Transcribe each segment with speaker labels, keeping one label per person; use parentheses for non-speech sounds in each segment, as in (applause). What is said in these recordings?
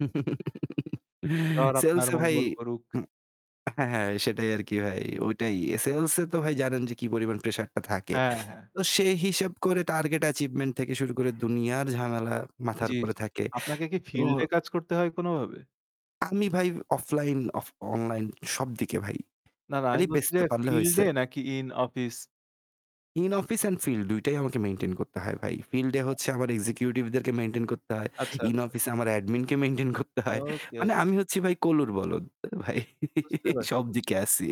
Speaker 1: (chuckles)
Speaker 2: ঈশ্বর আপনার
Speaker 1: Sales-এ ভাই
Speaker 2: মঙ্গল করুক।
Speaker 1: হু, হ্যাঁ, হ্যাঁ, সেটাই আর কি ভাই, ওইটাই। Sales-এ তো ভাই জানেন যে কি পরিমাণ pressure-টা থাকে।
Speaker 2: হ্যাঁ, হ্যাঁ।
Speaker 1: তো সে হিসাব করে target achievement থেকে শুরু করে দুনিয়ার ঝামেলা মাথার
Speaker 2: জি,
Speaker 1: উপরে
Speaker 2: জি।
Speaker 1: থাকে।
Speaker 2: আপনাকে কি
Speaker 1: তো
Speaker 2: field-এ কাজ করতে হয় কোনভাবে?
Speaker 1: আমি ভাই offline, of-online সবদিকে ভাই
Speaker 2: না, না, আমি
Speaker 1: খালি
Speaker 2: বলছি যে
Speaker 1: বেচতে পারলে হইছে।
Speaker 2: field-এ নাকি in office?
Speaker 1: In office and field ২ টাই আমাকে maintain করতে হয় ভাই। Field-এ হচ্ছে আমার executive-দেরকে maintain করতে হয়।
Speaker 2: আচ্ছা,
Speaker 1: In
Speaker 2: আচ্ছা, আচ্ছা।
Speaker 1: office এ আমার admin-কে maintain করতে হয়।
Speaker 2: Okay, okay।
Speaker 1: মানে আমি হচ্ছি ভাই কলুর বলদ (laughs) ভাই
Speaker 2: বুঝতে পারছি, বুঝতে পারছি।
Speaker 1: সবদিকে আছি।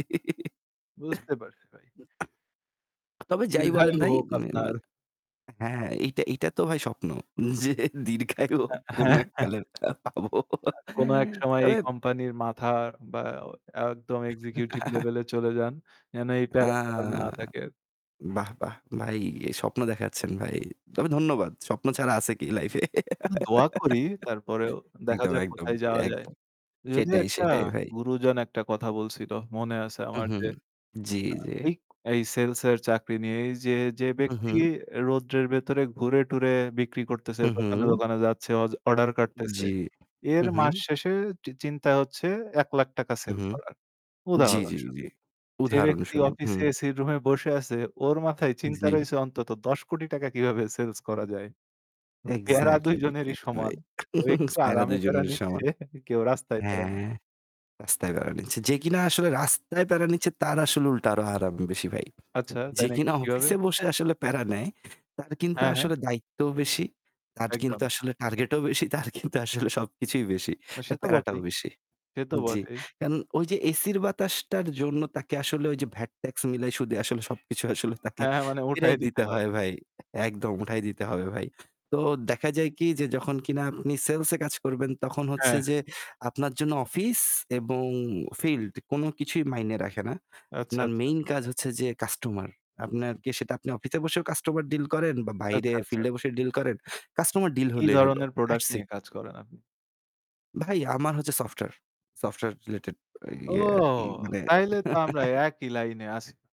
Speaker 2: বুঝতে পারছি, ভাই।
Speaker 1: (laughs) তবে যাই বলেন
Speaker 2: দীর্ঘায়ু
Speaker 1: ভাই,
Speaker 2: হোক
Speaker 1: উম অ্যা
Speaker 2: আপনার।
Speaker 1: অ্যা হ্যাঁ, এইটা, এইটা তো ভাই স্বপ্ন যে দীর্ঘায়ু
Speaker 2: অ্যা
Speaker 1: কোনো
Speaker 2: হ্যাঁ, হ্যাঁ।
Speaker 1: এককালের পাবো।
Speaker 2: কোন এক সময় এই
Speaker 1: তবে
Speaker 2: company-র মাথা বা একদম executive
Speaker 1: (chuckles)
Speaker 2: level-এ চলে যান, যেন এই
Speaker 1: আ
Speaker 2: প্যারা্টা আর না থাকে আর।
Speaker 1: বাহ, বাহ! ভাই স্বপ্ন দেখাচ্ছেন ভাই। তবে ধন্যবাদ। স্বপ্ন ছাড়া আছে কি life-এ? (chuckles)
Speaker 2: দোয়া করি তারপরেও দেখা
Speaker 1: একদম,
Speaker 2: যাক
Speaker 1: একদম,
Speaker 2: কোথায় যাওয়া যায়।
Speaker 1: একদম।
Speaker 2: যদিও
Speaker 1: সেটাই,
Speaker 2: একটা
Speaker 1: সেটাই ভাই।
Speaker 2: গুরুজন একটা কথা বলছিল মনে আছে
Speaker 1: হুম,
Speaker 2: আমার
Speaker 1: হুম,
Speaker 2: যে,
Speaker 1: জি,
Speaker 2: আ
Speaker 1: জি।
Speaker 2: এই, এই sales-এর চাকরি নিয়েই যে, যে
Speaker 1: হুম,
Speaker 2: "ব্যক্তি
Speaker 1: হুম।
Speaker 2: রোদ্রের ভেতরে ঘুরে টুরে বিক্রি করতেছে,
Speaker 1: হু,
Speaker 2: দোকানে,
Speaker 1: হু।
Speaker 2: দোকানে যাচ্ছে, অজ order কাটতেছে,
Speaker 1: জি।
Speaker 2: এর
Speaker 1: হুম, হুম।
Speaker 2: মাস শেষে চি চিন্তা হচ্ছে ৳১০০,০০০ টাকা sell
Speaker 1: উহু,
Speaker 2: করার
Speaker 1: জি, জি,
Speaker 2: উদাহরণস্বরূপ।
Speaker 1: জি।
Speaker 2: যে ব্যক্তি
Speaker 1: উদাহরণস্বরূপ।
Speaker 2: office
Speaker 1: হুম।
Speaker 2: AC র room-এ বসে আছে ওর মাথায় চিন্তা
Speaker 1: জি।
Speaker 2: রয়েছে অন্তত ৳১০,০০,০০,০০০ টাকা কীভাবে sales করা যায়।" প্যারা ২
Speaker 1: Exactly,
Speaker 2: জনেরই
Speaker 1: exactly
Speaker 2: সমান।
Speaker 1: ভাই।
Speaker 2: কেউ
Speaker 1: (chuckles) স
Speaker 2: একটু
Speaker 1: প্যারা
Speaker 2: আরামে
Speaker 1: ২
Speaker 2: প্যারা
Speaker 1: জনেরই
Speaker 2: নিচ্ছে,
Speaker 1: সমান।
Speaker 2: কেউ রাস্তায় প্যারা নি
Speaker 1: হ্যাঁ, রাস্তায় প্যারা নিচ্ছে। যে কিনা আসলে রাস্তায় প্যারা নিচ্ছে তার আসলে উল্টা আরো আরাম বেশি ভাই।
Speaker 2: আচ্ছা, তাই
Speaker 1: যে
Speaker 2: নাকি?
Speaker 1: কিনা
Speaker 2: কিভাবে?
Speaker 1: office-এ বসে আসলে প্যারা নেয় তার কিন্তু
Speaker 2: হ্যাঁ, হ্যাঁ।
Speaker 1: আসলে দায়িত্বও বেশি, তার কিন্তু
Speaker 2: একদম।
Speaker 1: আসলে target-ও বেশি, তার কিন্তু আসলে সবকিছুই বেশি,
Speaker 2: সে
Speaker 1: তার
Speaker 2: তো
Speaker 1: প্যারাটাও
Speaker 2: বটেই,
Speaker 1: বেশি।
Speaker 2: সে তো
Speaker 1: জি,
Speaker 2: বটেই।
Speaker 1: কারণ ওই যে AC-র বাতাসটার জন্য তাকে আসলে ওই যে VAT tax মিলাই সুদে আসলে সবকিছু আসলে তাকে
Speaker 2: হ্যাঁ, মানে উঠাই
Speaker 1: ফেরাই
Speaker 2: দিতে
Speaker 1: দিতে
Speaker 2: হয়।
Speaker 1: হয় ভাই, একদম উঠাই দিতে হবে ভাই। তো
Speaker 2: আচ্ছা।
Speaker 1: দেখা যায় কি যে যখন কিনা আপনি sales-এ কাজ করবেন তখন
Speaker 2: হ্যাঁ,
Speaker 1: হচ্ছে
Speaker 2: হ্যাঁ।
Speaker 1: যে আপনার জন্য office এবং field কোন কিছুই মাইনে রাখে না।
Speaker 2: আচ্ছা,
Speaker 1: আপনার
Speaker 2: আচ্ছা।
Speaker 1: main কাজ হচ্ছে যে customer, আপনার কে সেটা আপনি office-এ বসেও customer deal করেন বা বাইরে
Speaker 2: আচ্ছা, আচ্ছা।
Speaker 1: field-এ বসে deal করেন, customer deal
Speaker 2: কী
Speaker 1: হলেই হইলো।
Speaker 2: ধরনের product
Speaker 1: That's it।
Speaker 2: নিয়ে কাজ করেন আপনি?
Speaker 1: ভাই আমার হচ্ছে software, software related
Speaker 2: ও!
Speaker 1: ইয়ে আরকি মানে
Speaker 2: তাইলে তো আমরা
Speaker 1: (chuckles)
Speaker 2: একই line-এ আছি।